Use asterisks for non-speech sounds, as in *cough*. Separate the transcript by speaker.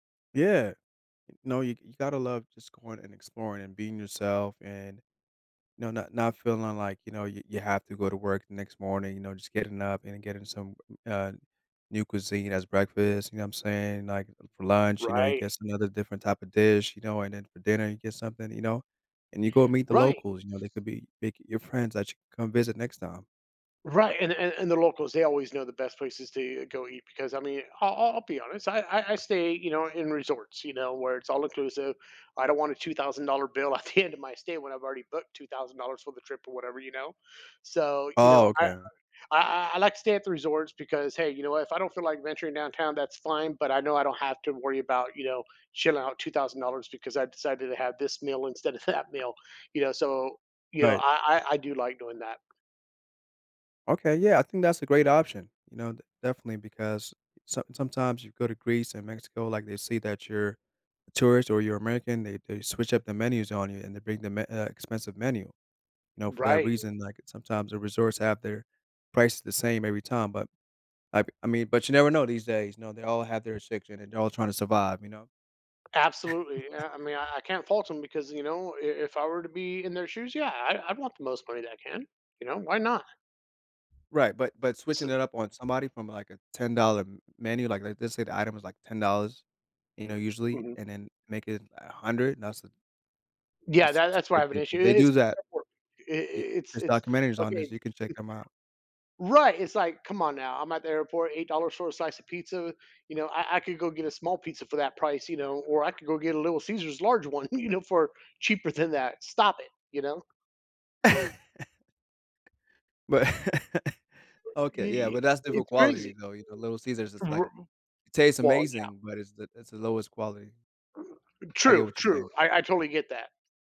Speaker 1: Yeah. No. You you gotta love just going and exploring and being yourself and, know, not not feeling like, you know, you you have to go to work the next morning, you know, just getting up and getting some, uh, new cuisine as breakfast, you know what I'm saying? Like, for lunch, you know, you
Speaker 2: Right.
Speaker 1: get some other different type of dish, you know? And then for dinner, you get something, you know? And you go meet the
Speaker 2: Right.
Speaker 1: locals, you know? They could be make your friends that you come visit next time.
Speaker 2: Right. And and and the locals, they always know the best places to e go eat because, I mean, I'll I'll be honest. I I I stay, you know, in resorts, you know, where it's all inclusive. I don't want a $2,000 bill at the end of my stay when I've already booked $2,000 for the trip or whatever, you know? So, you
Speaker 1: Oh,
Speaker 2: know, I
Speaker 1: okay.
Speaker 2: I I, like, to stay at the resorts because, hey, you know what? If I don't feel like venturing downtown, that's fine, but I know I don't have to worry about, you know, shelling out $2,000 because I decided to have this meal instead of that meal, you know, so you know
Speaker 1: Right.
Speaker 2: I I I do like doing that.
Speaker 1: Okay. Yeah. I think that's a great option, you know? D definitely because some sometimes you go to Greece and Mexico, like, they see that you're a tourist or you're American, they they switch up the menus on you and they bring the me uh, expensive menu. You know, for that
Speaker 2: Right.
Speaker 1: reason, like, sometimes the resorts have their prices the same every time. But, I I mean, but, you never know these days, you know? They all have their restriction, and they're all trying to survive, you know?
Speaker 2: Absolutely.
Speaker 1: *chuckles*
Speaker 2: Eh, I mean I I can't fault them because you know I if I were to be in their shoes, yeah I I want the most money that I can. You know, why not?
Speaker 1: Right. But but
Speaker 2: Ts
Speaker 1: switching it up on somebody from, like, a $10 menu, like, let's say the item was, $10, you know, usually,
Speaker 2: Mhm.
Speaker 1: and then make it a 100. That's
Speaker 2: Yeah.
Speaker 1: That's
Speaker 2: That that's why I have an
Speaker 1: *unintelligible*
Speaker 2: issue.
Speaker 1: they
Speaker 2: It
Speaker 1: do
Speaker 2: is
Speaker 1: that.
Speaker 2: *unintelligible*
Speaker 1: I
Speaker 2: it's
Speaker 1: there's
Speaker 2: it's
Speaker 1: documentaries on
Speaker 2: okay
Speaker 1: this. You can check them out.
Speaker 2: Right. It's, like, come on now. I'm at the airport, $8 for a slice of pizza, you know? I I could go get a small pizza for that price, you know, or I could go get a little Caesar's large one, *chuckles* you know, for cheaper than that. Stop it, you know?
Speaker 1: *laughs* But
Speaker 2: I
Speaker 1: okay. Yeah.
Speaker 2: I
Speaker 1: But, that's different
Speaker 2: it's
Speaker 1: quality,
Speaker 2: crazy.
Speaker 1: though. You know, Little Caesar's is, like
Speaker 2: R
Speaker 1: it tastes
Speaker 2: Well, yeah.
Speaker 1: amazing, but it's the it's the lowest quality. I get
Speaker 2: True.
Speaker 1: what you're
Speaker 2: True.
Speaker 1: saying.
Speaker 2: I I totally get that.